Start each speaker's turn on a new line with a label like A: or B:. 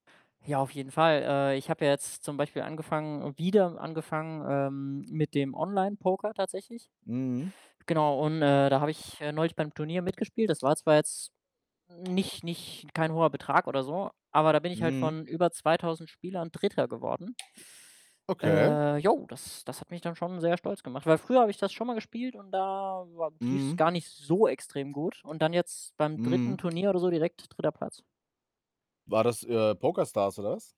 A: Ja, auf jeden Fall. Äh, ich habe ja jetzt zum Beispiel angefangen wieder angefangen, ähm, mit dem Online-Poker tatsächlich.
B: Mhm.
A: Genau, und, äh, da habe ich, äh, neulich beim Turnier mitgespielt. Das war zwar jetzt n nicht nicht kein hoher Betrag oder so, aber da bin ich halt
B: Mhm.
A: von über 2000 Spielern 3. geworden.
B: Okay.
A: Äh, jo, das das hat mich dann schon sehr stolz gemacht, weil früher habe ich das schon mal gespielt und da war lief 's
B: Mhm.
A: gar nicht so extrem gut. Und dann jetzt beim 3.
B: Mhm.
A: Turnier oder so direkt 3. Platz.
B: War das, äh, PokerStars oder was?